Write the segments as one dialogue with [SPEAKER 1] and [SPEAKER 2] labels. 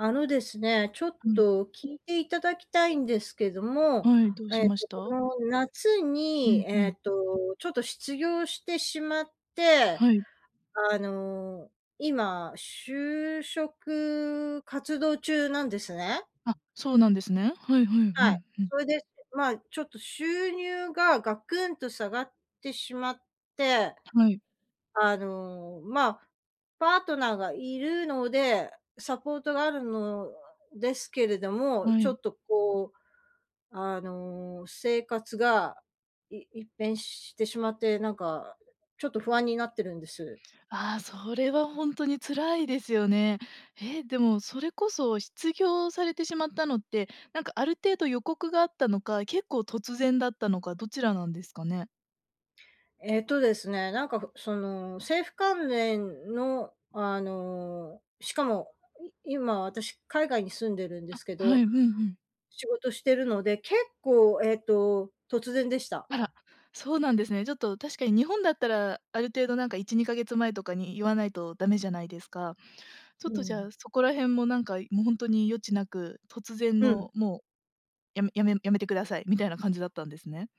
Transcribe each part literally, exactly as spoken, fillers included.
[SPEAKER 1] あのですね、ちょっ
[SPEAKER 2] うん。
[SPEAKER 1] と聞いていただきたいんですけども、
[SPEAKER 2] はい。どうし
[SPEAKER 1] えっ
[SPEAKER 2] まし
[SPEAKER 1] と、こ
[SPEAKER 2] た？
[SPEAKER 1] の夏
[SPEAKER 2] う
[SPEAKER 1] に、
[SPEAKER 2] んう
[SPEAKER 1] え
[SPEAKER 2] ん。
[SPEAKER 1] っと、ちょっと失業してしまって、
[SPEAKER 2] はい。
[SPEAKER 1] あの、今就職活動中なんですね。
[SPEAKER 2] あ、そうなんですね。はいはい。う
[SPEAKER 1] はい。
[SPEAKER 2] んうん。
[SPEAKER 1] それで、ま、ちょっと、収入がガクンと下がってしまって、
[SPEAKER 2] はい。
[SPEAKER 1] あの、まあ、パートナーがいるのでサポートがあるのですけれども、
[SPEAKER 2] は
[SPEAKER 1] ちょ
[SPEAKER 2] い。
[SPEAKER 1] っと、こう、あの、生活がい一変してしまって、なんか、ちょっと不安になってるんです。
[SPEAKER 2] ああ、それはほんとに辛いですよね。え、でもそれこそ失業されてしまったのって、なんか、ある程度予告があったのか、結構突然だったのか、どちらなんですかね。
[SPEAKER 1] えっとですね、なんか、その、政府関連の、あの、しかも、い今、私海外に住んでるんで
[SPEAKER 2] あ、
[SPEAKER 1] すけ
[SPEAKER 2] は
[SPEAKER 1] ど、
[SPEAKER 2] い、うんうん。
[SPEAKER 1] 仕事してるので、結構、えっと、突然でした。
[SPEAKER 2] あら、
[SPEAKER 1] r
[SPEAKER 2] そうなんですね。ちょっと確かに日本だったらある程度、なんか、いちにかげつまえとかに言わないとダメじゃないですか。ちょっ
[SPEAKER 1] う
[SPEAKER 2] とじゃ
[SPEAKER 1] ん。
[SPEAKER 2] あ、そこら辺も、なんか、もう、ほんとに余地なく、突然
[SPEAKER 1] うん。
[SPEAKER 2] のもうやめやめ辞めてくださいみたいな感じだったんですね。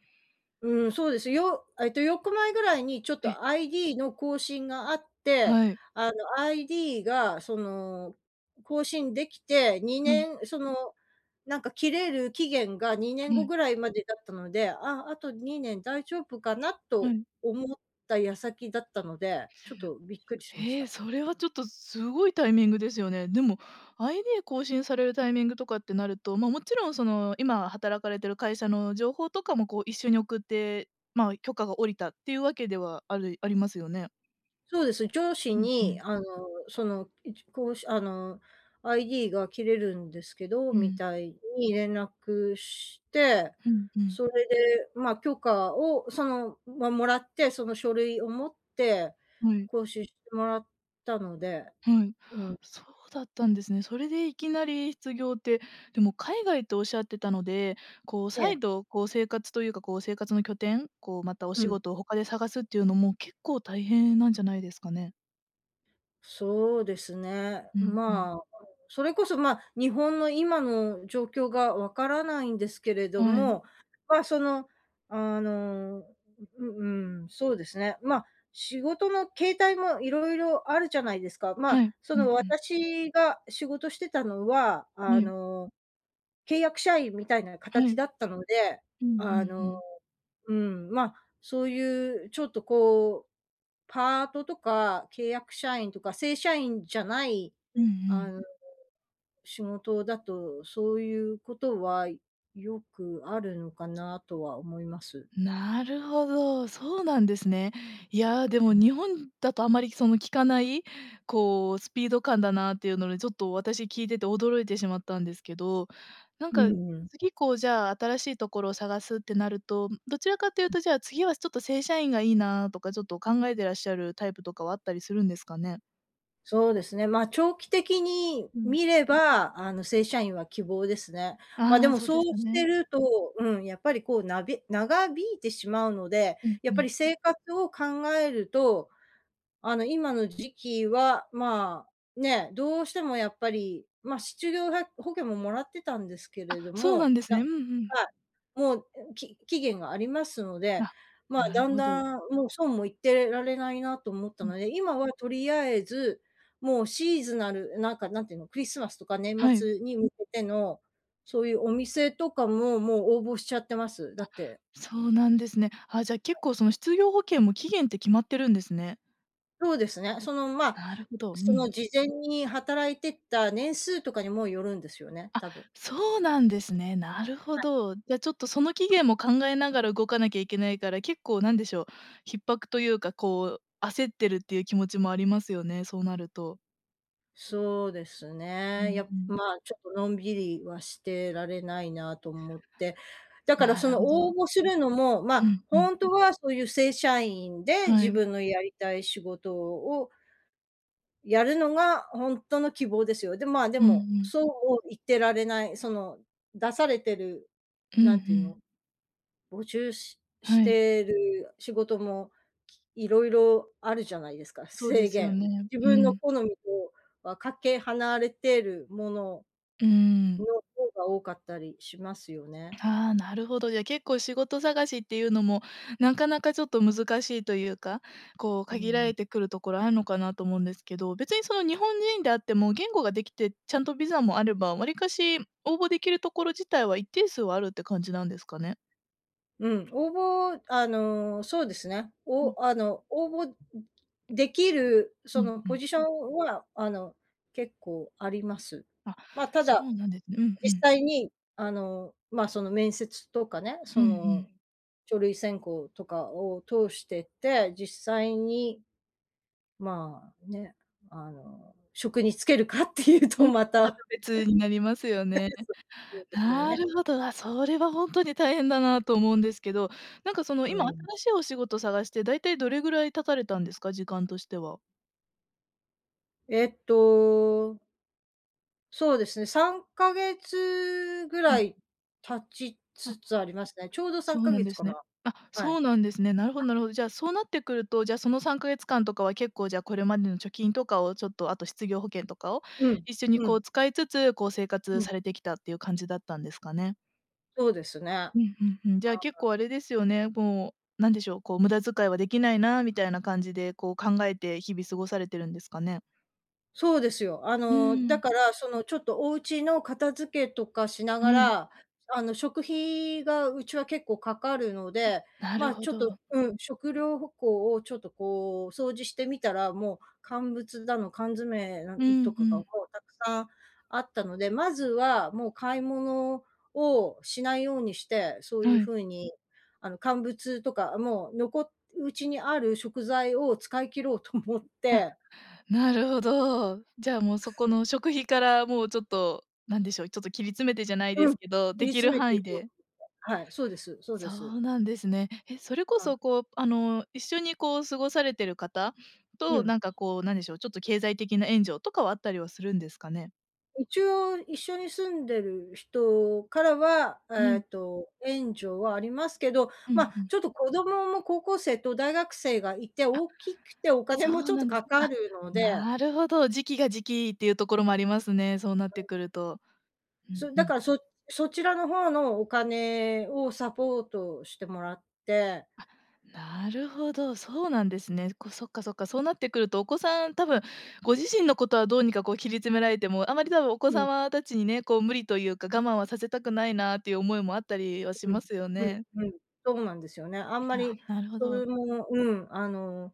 [SPEAKER 1] うん、そうです。よえっと、よっかまえぐらいにちょっ
[SPEAKER 2] えっ。
[SPEAKER 1] と ID の更新があって、
[SPEAKER 2] はい。
[SPEAKER 1] あの、ID が、その、更新できてに
[SPEAKER 2] うん。
[SPEAKER 1] ねん、その、なんか切れる期限がにねん
[SPEAKER 2] う
[SPEAKER 1] ご
[SPEAKER 2] ん。
[SPEAKER 1] ぐらいまでだったので、あ、あとにねん大丈夫かな
[SPEAKER 2] は
[SPEAKER 1] と
[SPEAKER 2] い。
[SPEAKER 1] 思った矢先だったので、ちょっとびっくりしまし
[SPEAKER 2] ええ、
[SPEAKER 1] た。
[SPEAKER 2] そ
[SPEAKER 1] e
[SPEAKER 2] れはちょっとすごいタイミングですよね。でも、ID 更新されるタイミングとかってなると、ま、勿論その今働かれている会社の情報とかも、こう、一緒に送って、ま、許可が下りたっていうわけではあるありますよね。
[SPEAKER 1] そうです。上司
[SPEAKER 2] うんう
[SPEAKER 1] に
[SPEAKER 2] ん。
[SPEAKER 1] あの、その、いちこうし、あの「ID が切れるんですけど」
[SPEAKER 2] う
[SPEAKER 1] み
[SPEAKER 2] ん。
[SPEAKER 1] たいに連絡して、
[SPEAKER 2] うんうん。
[SPEAKER 1] それでまあ、許可をその、ま、もらって、その書類を持って
[SPEAKER 2] はい。
[SPEAKER 1] 更新してもらったので
[SPEAKER 2] はい、
[SPEAKER 1] うん。
[SPEAKER 2] そうだったんですね。それでいきなり失業って、でも海外と仰ってたので、こう
[SPEAKER 1] え
[SPEAKER 2] 再
[SPEAKER 1] え。
[SPEAKER 2] 度こう生活というかこう生活の拠点、こうまたお
[SPEAKER 1] う
[SPEAKER 2] 仕
[SPEAKER 1] ん。
[SPEAKER 2] 事を他で探すっていうのも、結構大変なんじゃないですかね？
[SPEAKER 1] そうですね。
[SPEAKER 2] うんうん。
[SPEAKER 1] まあ、それこそ、まあ、日本の今の状況がわからないんですけれど
[SPEAKER 2] はい。
[SPEAKER 1] も、まあ、その、あの、う、うーん、そうですね、ま、仕事の形態も色々あるじゃないですか。まあ、
[SPEAKER 2] はい。
[SPEAKER 1] そ
[SPEAKER 2] うん
[SPEAKER 1] の
[SPEAKER 2] うん。
[SPEAKER 1] 私が仕事してたのは、
[SPEAKER 2] は
[SPEAKER 1] あ
[SPEAKER 2] い。
[SPEAKER 1] の、契約社員みたいな
[SPEAKER 2] は
[SPEAKER 1] 形
[SPEAKER 2] い。
[SPEAKER 1] だったので、
[SPEAKER 2] うんう
[SPEAKER 1] あ
[SPEAKER 2] んう
[SPEAKER 1] の、
[SPEAKER 2] ん。
[SPEAKER 1] うん、ま、そういうちょっとこうパートとか、契約社員とか正社員じゃない
[SPEAKER 2] うんう
[SPEAKER 1] あ
[SPEAKER 2] ん。
[SPEAKER 1] の、仕事だと、そういうことはよくあるのかなとは思います。
[SPEAKER 2] なるほど、そうなんですね。いや、
[SPEAKER 1] う
[SPEAKER 2] でも
[SPEAKER 1] んうん。
[SPEAKER 2] 日本だとあんまりその聞かない、こうスピード感だなっていうので、ちょっと私聞いてて驚いてしまったんですけど、なん
[SPEAKER 1] う
[SPEAKER 2] か
[SPEAKER 1] んうん。
[SPEAKER 2] 次こう、じゃあ新しいところを探すってなると、どちらかっていう
[SPEAKER 1] うん。
[SPEAKER 2] と、じゃあ次はちょっと正社員がいいなとかちょっと考えてらっしゃるタイプとかはあったりするんですかね？
[SPEAKER 1] そうですね。まあ、長期的に
[SPEAKER 2] うん。
[SPEAKER 1] 見れば、あの、正社員は希望ですね。まあで
[SPEAKER 2] ああ、
[SPEAKER 1] も、
[SPEAKER 2] そうで
[SPEAKER 1] そう
[SPEAKER 2] すよ
[SPEAKER 1] して
[SPEAKER 2] ね。
[SPEAKER 1] るとうん、やっぱりこう、なべ長引いてしまうので。
[SPEAKER 2] うん
[SPEAKER 1] や
[SPEAKER 2] う
[SPEAKER 1] っぱり
[SPEAKER 2] ん。
[SPEAKER 1] 生活を考えると、あの、今の時期は、まあね、どうしてもやっぱり。ま、しちゅぎょうは保険も、もらってたんですけ
[SPEAKER 2] あ、
[SPEAKER 1] れど
[SPEAKER 2] そうな
[SPEAKER 1] も。
[SPEAKER 2] んです
[SPEAKER 1] だ
[SPEAKER 2] ね。うんうん。
[SPEAKER 1] はい。もう、き期限がありますので。
[SPEAKER 2] あ、
[SPEAKER 1] まあ、
[SPEAKER 2] なる
[SPEAKER 1] だん
[SPEAKER 2] ほど。
[SPEAKER 1] だん、もう、そうも言ってられないなと思った
[SPEAKER 2] うん。
[SPEAKER 1] ので。今はとりあえず、もうシーズナルなんか、何ていうの。クリスマスとか年
[SPEAKER 2] はい。
[SPEAKER 1] 末に向けての、そういうお店とかも、もう応募しちゃってます。だ
[SPEAKER 2] あ、
[SPEAKER 1] って
[SPEAKER 2] そうなんですね。あ、じゃあ、
[SPEAKER 1] は
[SPEAKER 2] 結
[SPEAKER 1] い。
[SPEAKER 2] 構その、失業保険も、期限って決まってるんですね。
[SPEAKER 1] そうですね。その、まあ。
[SPEAKER 2] なるほど。う
[SPEAKER 1] その、
[SPEAKER 2] ん。
[SPEAKER 1] 事前に働いてた年数とかにもよるんですよね。
[SPEAKER 2] あ、
[SPEAKER 1] 多分。
[SPEAKER 2] そうなんですね。なるほ
[SPEAKER 1] はい。
[SPEAKER 2] ど。じゃあ、ちょっと、その期限も考えながら動かなきゃいけないから、結構、なんでしょう、逼迫というか、こう、焦ってるっていう気持ちもありますよね。そうなると。
[SPEAKER 1] そうです
[SPEAKER 2] う
[SPEAKER 1] ね、や、
[SPEAKER 2] んうん。
[SPEAKER 1] まあ、ちょっとのんびりはしてられないなと思って、だから
[SPEAKER 2] な
[SPEAKER 1] そ
[SPEAKER 2] る
[SPEAKER 1] の
[SPEAKER 2] ほど。
[SPEAKER 1] 応募するのも、ま
[SPEAKER 2] う
[SPEAKER 1] あ、
[SPEAKER 2] んう
[SPEAKER 1] ほ
[SPEAKER 2] ん。
[SPEAKER 1] んとはそういう正社員で
[SPEAKER 2] は
[SPEAKER 1] 自
[SPEAKER 2] い。
[SPEAKER 1] 分のやりたい仕事をやるのがほんとの希望ですよ。で、まあ、で
[SPEAKER 2] うんう
[SPEAKER 1] も、
[SPEAKER 2] ん。
[SPEAKER 1] そう言ってられない、その出されてる、
[SPEAKER 2] うんう
[SPEAKER 1] なんていう
[SPEAKER 2] ん。
[SPEAKER 1] の、募集し-し
[SPEAKER 2] はい。
[SPEAKER 1] てる仕事もいろいろあるじゃないですか、
[SPEAKER 2] そうで
[SPEAKER 1] 制
[SPEAKER 2] すよ
[SPEAKER 1] 限。
[SPEAKER 2] ね。
[SPEAKER 1] 自
[SPEAKER 2] う
[SPEAKER 1] 分の
[SPEAKER 2] ん。
[SPEAKER 1] 好みとはかけ離れてるもの
[SPEAKER 2] うーん。
[SPEAKER 1] の方が多かったりしますよね。
[SPEAKER 2] ああ、なるほど。じゃ、結構仕事探しっていうのも、なかなかちょっと難しいというか、こう、
[SPEAKER 1] うー
[SPEAKER 2] 限ら
[SPEAKER 1] ん。
[SPEAKER 2] れてくるところあんのかなと思うんですけど、別に、その、日本人であっても言語ができてちゃんとビザもあれば、わりかし応募できるところ自体は一定数はあるって感じなんですかね？
[SPEAKER 1] うん、応募あの、そうですね。
[SPEAKER 2] うん。
[SPEAKER 1] おあの、応募、んできる、
[SPEAKER 2] う
[SPEAKER 1] そ
[SPEAKER 2] ん
[SPEAKER 1] の、
[SPEAKER 2] う
[SPEAKER 1] ポ
[SPEAKER 2] ん。
[SPEAKER 1] ジションは、あの、結構あります。
[SPEAKER 2] あ、
[SPEAKER 1] まあ、た
[SPEAKER 2] そ
[SPEAKER 1] だ、
[SPEAKER 2] うなんですね、うんう
[SPEAKER 1] 実
[SPEAKER 2] ん。
[SPEAKER 1] 際に、あの、まあ、その面接とかね、
[SPEAKER 2] う
[SPEAKER 1] そ
[SPEAKER 2] んう
[SPEAKER 1] の、
[SPEAKER 2] ん。
[SPEAKER 1] 書類選考とかを通してって、実際に、まあ、ね、あの、職につけるかっていう
[SPEAKER 2] う
[SPEAKER 1] と
[SPEAKER 2] ん、ま
[SPEAKER 1] ま
[SPEAKER 2] た
[SPEAKER 1] た。
[SPEAKER 2] 別になりますよね。
[SPEAKER 1] そそうですよ
[SPEAKER 2] な
[SPEAKER 1] ね。
[SPEAKER 2] るほど。あ、それはほんとに大変だなと思うんですけど、なんか、その、
[SPEAKER 1] う
[SPEAKER 2] 今
[SPEAKER 1] ん。
[SPEAKER 2] 新しいお仕事探して、だいたいどれぐらい経たれたんですか？時間としては。
[SPEAKER 1] えっとそうですね。さんかげつぐ
[SPEAKER 2] う
[SPEAKER 1] ら
[SPEAKER 2] ん。
[SPEAKER 1] い経ちつ
[SPEAKER 2] あ
[SPEAKER 1] つありますね、ちょうどさ
[SPEAKER 2] そ
[SPEAKER 1] ん
[SPEAKER 2] う
[SPEAKER 1] か
[SPEAKER 2] なん
[SPEAKER 1] げつ
[SPEAKER 2] で
[SPEAKER 1] か
[SPEAKER 2] すね。
[SPEAKER 1] な、
[SPEAKER 2] あ、
[SPEAKER 1] は
[SPEAKER 2] そ
[SPEAKER 1] い。
[SPEAKER 2] うなんですね。なるほどなるほど。じゃあ、そうなってくると、じゃあ、そのさんかげつ間とかは、結構、じゃあ、これまでの貯金とかを、ちょっと、あと失業保険とかを
[SPEAKER 1] うん、
[SPEAKER 2] 一緒に
[SPEAKER 1] う
[SPEAKER 2] こ
[SPEAKER 1] ん。
[SPEAKER 2] う、使いつつ、こう、生
[SPEAKER 1] う
[SPEAKER 2] 活
[SPEAKER 1] ん。
[SPEAKER 2] されてきたって言う感じだったんですかね？
[SPEAKER 1] そうですね。は
[SPEAKER 2] うんうんうん。じゃあ、結
[SPEAKER 1] い。
[SPEAKER 2] 構あれですよね。もう、何でしょう。こう、無駄遣いは出来ないみたいな感じで、こう、考えて日々過ごされてるんですかね？
[SPEAKER 1] そうですよ。あ
[SPEAKER 2] う
[SPEAKER 1] の、
[SPEAKER 2] ー
[SPEAKER 1] だ
[SPEAKER 2] ん。
[SPEAKER 1] から、そのちょっとお家の片付けとかしなが
[SPEAKER 2] はい。
[SPEAKER 1] ら、あの、食費が家は結構掛かるの
[SPEAKER 2] あ、
[SPEAKER 1] で、
[SPEAKER 2] なる
[SPEAKER 1] ま、
[SPEAKER 2] ほ
[SPEAKER 1] ちょっと、
[SPEAKER 2] ど。
[SPEAKER 1] うん、食料ほこうをちょっと、こう、掃除してみたら、もう乾物だの缶詰なん
[SPEAKER 2] う
[SPEAKER 1] と
[SPEAKER 2] んう
[SPEAKER 1] かが、も
[SPEAKER 2] ん。
[SPEAKER 1] うたくさんあったので、まずは、もう買い物をしないようにして、そう言う
[SPEAKER 2] はい。
[SPEAKER 1] 風に、あの、乾物とか、もう残家にある食材を使い切ろうと思っ
[SPEAKER 2] あ、
[SPEAKER 1] て
[SPEAKER 2] なるほど。じゃあもうそこ の食費から、もう、ちょっと何でしょう。ちょっと切り詰めてじゃない
[SPEAKER 1] う
[SPEAKER 2] で
[SPEAKER 1] ん、
[SPEAKER 2] す
[SPEAKER 1] 切
[SPEAKER 2] けど、出
[SPEAKER 1] り
[SPEAKER 2] 来
[SPEAKER 1] 詰
[SPEAKER 2] る
[SPEAKER 1] めて
[SPEAKER 2] 範
[SPEAKER 1] い
[SPEAKER 2] 囲
[SPEAKER 1] こう。
[SPEAKER 2] で
[SPEAKER 1] はい、そうですそう
[SPEAKER 2] そ
[SPEAKER 1] です。
[SPEAKER 2] うなんですね。え、それこ
[SPEAKER 1] はい。
[SPEAKER 2] そ、こう、あの、一緒にこう、過ごされてる方
[SPEAKER 1] う
[SPEAKER 2] と、
[SPEAKER 1] ん。
[SPEAKER 2] なんかこう、何でしょう。ちょっと経済的な援助とかは、あったりはするんですかね？
[SPEAKER 1] 一応一緒に住んでる人からは、
[SPEAKER 2] は
[SPEAKER 1] え
[SPEAKER 2] い。
[SPEAKER 1] っと、援助はありますけど、
[SPEAKER 2] うん
[SPEAKER 1] ま、
[SPEAKER 2] うん。
[SPEAKER 1] ちょっと子供も高校生と大学生がいて、
[SPEAKER 2] あ、
[SPEAKER 1] 大きくてお金
[SPEAKER 2] そ
[SPEAKER 1] もち
[SPEAKER 2] う
[SPEAKER 1] ょっ
[SPEAKER 2] な
[SPEAKER 1] と
[SPEAKER 2] んで
[SPEAKER 1] か
[SPEAKER 2] す。
[SPEAKER 1] か
[SPEAKER 2] あ、
[SPEAKER 1] るので。
[SPEAKER 2] なるほど、時期が時期っていうところもありますね。そうなっ
[SPEAKER 1] は
[SPEAKER 2] て
[SPEAKER 1] い。
[SPEAKER 2] くると。うん
[SPEAKER 1] そ、
[SPEAKER 2] う
[SPEAKER 1] だか
[SPEAKER 2] ん。
[SPEAKER 1] ら、そそちらの方のお金をサポートしてもらって。
[SPEAKER 2] あ、なるほど、そうなんですね。こそっか、そっかそうなってくるとお子さん多分ご自身のことはどうにかこう切り詰められても、あまり多分お子
[SPEAKER 1] うん。
[SPEAKER 2] 様たちにね、こう無理というか我慢はさせたくないなっていう、思いもあったりはし
[SPEAKER 1] うん、
[SPEAKER 2] ますよ
[SPEAKER 1] う
[SPEAKER 2] ね。
[SPEAKER 1] ん、うん。そうなんですよね。あんま
[SPEAKER 2] なは、
[SPEAKER 1] り、
[SPEAKER 2] なるほ
[SPEAKER 1] そ
[SPEAKER 2] ど。
[SPEAKER 1] れも、うん、あの、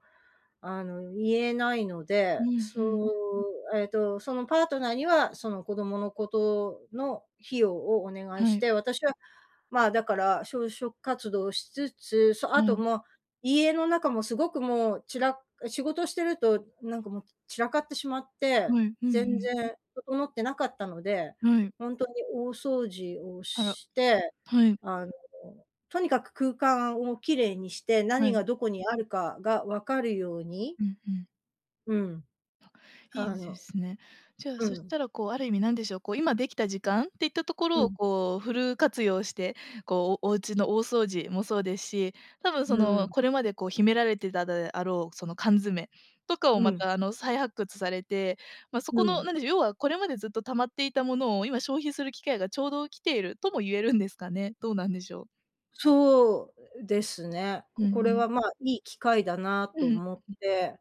[SPEAKER 1] あの、言えないの
[SPEAKER 2] う
[SPEAKER 1] で、
[SPEAKER 2] ん、ふ
[SPEAKER 1] そ
[SPEAKER 2] ん。
[SPEAKER 1] う、えっと、そのパートナーには、その子供のことの費用をお願い
[SPEAKER 2] は
[SPEAKER 1] し
[SPEAKER 2] い。
[SPEAKER 1] て、私は、まあ、だから就職活動しつつ、そ、
[SPEAKER 2] は
[SPEAKER 1] あと
[SPEAKER 2] い。
[SPEAKER 1] もう、家の中もすごくもう、ちら仕事してるとなんかもう散らかってしまっ
[SPEAKER 2] う
[SPEAKER 1] て、
[SPEAKER 2] ん、うんう
[SPEAKER 1] 全
[SPEAKER 2] ん。
[SPEAKER 1] 然整ってなかったので、
[SPEAKER 2] うん。
[SPEAKER 1] 本当に大掃除を
[SPEAKER 2] あら、
[SPEAKER 1] して、
[SPEAKER 2] はい。
[SPEAKER 1] あの、とにかく空間を綺麗にして、
[SPEAKER 2] は
[SPEAKER 1] 何
[SPEAKER 2] い。
[SPEAKER 1] がどこにあるかが分かるように。
[SPEAKER 2] うん、うん。
[SPEAKER 1] うん。
[SPEAKER 2] い
[SPEAKER 1] あ
[SPEAKER 2] いで
[SPEAKER 1] の
[SPEAKER 2] すね。じゃあ、
[SPEAKER 1] う
[SPEAKER 2] そし
[SPEAKER 1] ん。
[SPEAKER 2] たら、こう、ある意味何でしょう。こう、今出来た時間っていったとこ
[SPEAKER 1] う
[SPEAKER 2] ろを、
[SPEAKER 1] ん。
[SPEAKER 2] こう、フル活用して、こう、お家の大掃除もそうですし、多分、
[SPEAKER 1] う
[SPEAKER 2] そ
[SPEAKER 1] ー
[SPEAKER 2] の、
[SPEAKER 1] ん。
[SPEAKER 2] これまで、こう、秘められてたであろう、その、缶詰とかを、
[SPEAKER 1] う
[SPEAKER 2] ま
[SPEAKER 1] ん。
[SPEAKER 2] た、あの、再発掘されて、まあ、そ
[SPEAKER 1] う
[SPEAKER 2] この
[SPEAKER 1] ん。
[SPEAKER 2] 何でしょう、要は、これまでずっと溜まっていたものを、今消費する機会が、ちょうど来ているとも言えるんですかね。どうなんでしょう。
[SPEAKER 1] そうですね。
[SPEAKER 2] うんう
[SPEAKER 1] ここれ
[SPEAKER 2] ん。
[SPEAKER 1] は、まあ、いい機会だなと
[SPEAKER 2] ん、ふ。
[SPEAKER 1] 思って。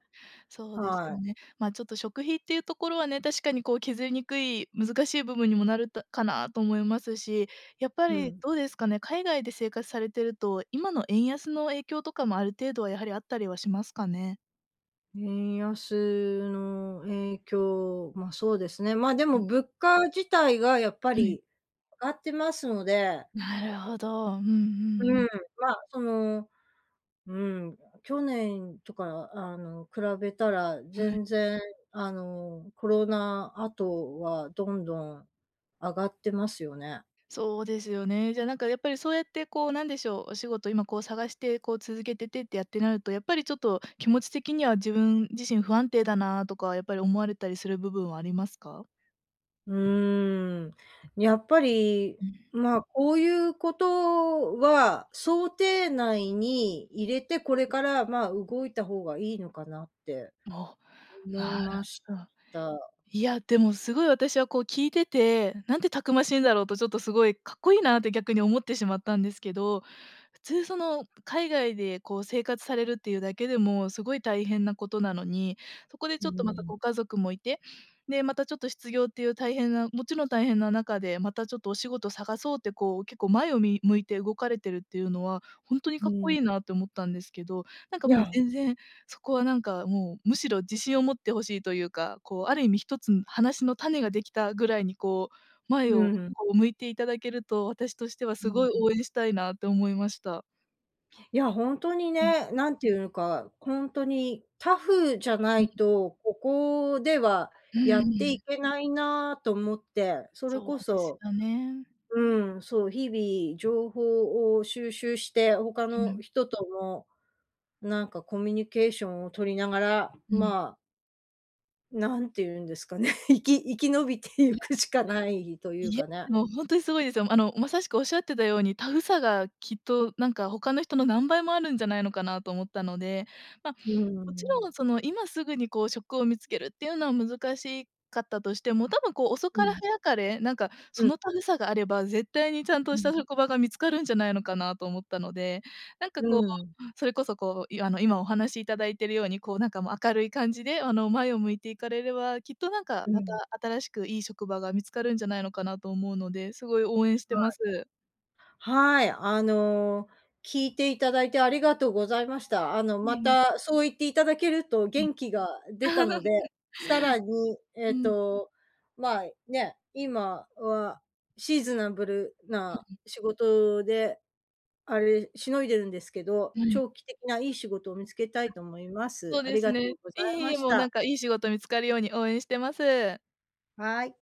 [SPEAKER 2] そうです
[SPEAKER 1] は
[SPEAKER 2] よ
[SPEAKER 1] い。
[SPEAKER 2] ね。まあ、ちょっと食費っていうところはね、確かに、こう、削りにくい、難しい部分にもなるとかな、と思いますし、やっぱ
[SPEAKER 1] う
[SPEAKER 2] り
[SPEAKER 1] ん。
[SPEAKER 2] どうですかね。海外で生活されてると、今の円安の影響とかもある程度は、やはりあったりはしますかね。
[SPEAKER 1] 円安の影響、まあ、そうですね。まあ、でも物価自体が、やっぱ
[SPEAKER 2] はい。
[SPEAKER 1] り上がってますので。
[SPEAKER 2] なるほど。うんうんう
[SPEAKER 1] う
[SPEAKER 2] ん。
[SPEAKER 1] ん。まあ、その、うん。去年とか、あの、比べたら
[SPEAKER 2] はい。
[SPEAKER 1] 全然、あの、コロナ後はどんどん上がってますよね。
[SPEAKER 2] そうですよね。じゃあ、なんか、やっぱり、そうやって、こう、何でしょう。お仕事、今、こう、探して、こう、続けててってやってなると、やっぱり、ちょっと気持ち的には、自分自身不安定だなとか、やっぱり思われたりする部分はありますか？
[SPEAKER 1] うーん。やっぱり、
[SPEAKER 2] うん。
[SPEAKER 1] まあ、こういう事は、想定内に入れて、これから、まあ、動いた方が良いのかなって、
[SPEAKER 2] お。
[SPEAKER 1] 思い
[SPEAKER 2] なる
[SPEAKER 1] まし
[SPEAKER 2] ほど。
[SPEAKER 1] た。
[SPEAKER 2] いや、でも、凄い、私は、こう、聞いてて、何てたくましいんだろうと、ちょっと凄いかっこいいなって、逆に思ってしまったんですけど、普通その海外で、こう、生活されるっていうだけでも、凄い大変な事なのに、そこで
[SPEAKER 1] う
[SPEAKER 2] ち
[SPEAKER 1] ー
[SPEAKER 2] ょっと、また
[SPEAKER 1] ん。
[SPEAKER 2] ご家族も居て、で、またちょっと失業っていう大変なもちろん大変な中で、またちょっとお仕事探そうって、こう、結構前をみ向いて動かれてるっていうのは、ほんとに
[SPEAKER 1] う
[SPEAKER 2] かっこ
[SPEAKER 1] ん。
[SPEAKER 2] いいなって思ったんですけど、何か、
[SPEAKER 1] い
[SPEAKER 2] もう、
[SPEAKER 1] や
[SPEAKER 2] 全然そこは何か、もう、むしろ自信を持って欲しいというか、こう、ある意味ひとつん話の種が出来たぐらいに、こう、前
[SPEAKER 1] う
[SPEAKER 2] を、
[SPEAKER 1] ん。
[SPEAKER 2] こう、向いていただけると、私としては
[SPEAKER 1] う
[SPEAKER 2] 凄い
[SPEAKER 1] ん。
[SPEAKER 2] 応援したいなと思いました。
[SPEAKER 1] いや、ほんとに
[SPEAKER 2] うん。
[SPEAKER 1] ね。何ていうのか、ほんとにタフじゃな
[SPEAKER 2] うん。
[SPEAKER 1] いと、ここでは
[SPEAKER 2] うー
[SPEAKER 1] やってい
[SPEAKER 2] ん。
[SPEAKER 1] けないなと思って。それ
[SPEAKER 2] そ
[SPEAKER 1] こ
[SPEAKER 2] うです
[SPEAKER 1] そ、
[SPEAKER 2] よね。
[SPEAKER 1] うん、そう、日々情報を収集して、他
[SPEAKER 2] う
[SPEAKER 1] の
[SPEAKER 2] ん。
[SPEAKER 1] 人とも、何かコミュニケーションを取りながら、
[SPEAKER 2] うん。
[SPEAKER 1] まあなんていうんですかね、生き生き延びてい
[SPEAKER 2] いや。
[SPEAKER 1] くしかないという
[SPEAKER 2] いや、
[SPEAKER 1] かね。
[SPEAKER 2] もう本当にすごいですよ。あの、まさしくおっしゃってたように、タフさがきっと、なんか、他の人の何倍もあるんじゃないのかなと思ったので、ま、
[SPEAKER 1] うー
[SPEAKER 2] もち
[SPEAKER 1] ん。
[SPEAKER 2] ろん、その、今すぐに、こう、職を見つけるっていうのは難しかったとしても、多分、こう、遅
[SPEAKER 1] う
[SPEAKER 2] かれ
[SPEAKER 1] ん。
[SPEAKER 2] 早かれ、なんか、
[SPEAKER 1] う
[SPEAKER 2] そ
[SPEAKER 1] ん。
[SPEAKER 2] のタフさがあれば絶対にちゃん
[SPEAKER 1] う
[SPEAKER 2] とした
[SPEAKER 1] ん。
[SPEAKER 2] 職場が見つかるんじゃないのかなと思ったので、なんか
[SPEAKER 1] う
[SPEAKER 2] こう、
[SPEAKER 1] ん。
[SPEAKER 2] それこそ、こう、あの、今お話しいただいているように、こう、なんか、もう明るい感じで、あの、前を向いていかれれば、きっと、なんか、
[SPEAKER 1] う
[SPEAKER 2] また
[SPEAKER 1] ん。
[SPEAKER 2] 新しくいい職場が見つかるんじゃないのかなと思うので、すごい応援して
[SPEAKER 1] は
[SPEAKER 2] ま
[SPEAKER 1] い。
[SPEAKER 2] す。
[SPEAKER 1] はい。あの、聞いていただいてありがとうございました。あの、
[SPEAKER 2] え
[SPEAKER 1] ま
[SPEAKER 2] えええ。
[SPEAKER 1] たそう言っていただけると
[SPEAKER 2] うん。
[SPEAKER 1] 元気が出たので、さらに、え
[SPEAKER 2] う
[SPEAKER 1] っ
[SPEAKER 2] ん。
[SPEAKER 1] と、まあね、今はシーズナブルな
[SPEAKER 2] [unintelligible]
[SPEAKER 1] 仕事で、あれ、しのいでるんですけど、
[SPEAKER 2] はい。
[SPEAKER 1] 長期的ないい仕事を見つけた
[SPEAKER 2] あ。
[SPEAKER 1] いと思います。
[SPEAKER 2] そう
[SPEAKER 1] あ
[SPEAKER 2] で
[SPEAKER 1] り
[SPEAKER 2] す
[SPEAKER 1] がと
[SPEAKER 2] ね。
[SPEAKER 1] うご
[SPEAKER 2] い
[SPEAKER 1] ざい
[SPEAKER 2] え
[SPEAKER 1] ま
[SPEAKER 2] いえ、
[SPEAKER 1] し
[SPEAKER 2] もうな
[SPEAKER 1] た。
[SPEAKER 2] んか、いい仕事見つかるように応援してます。
[SPEAKER 1] はい。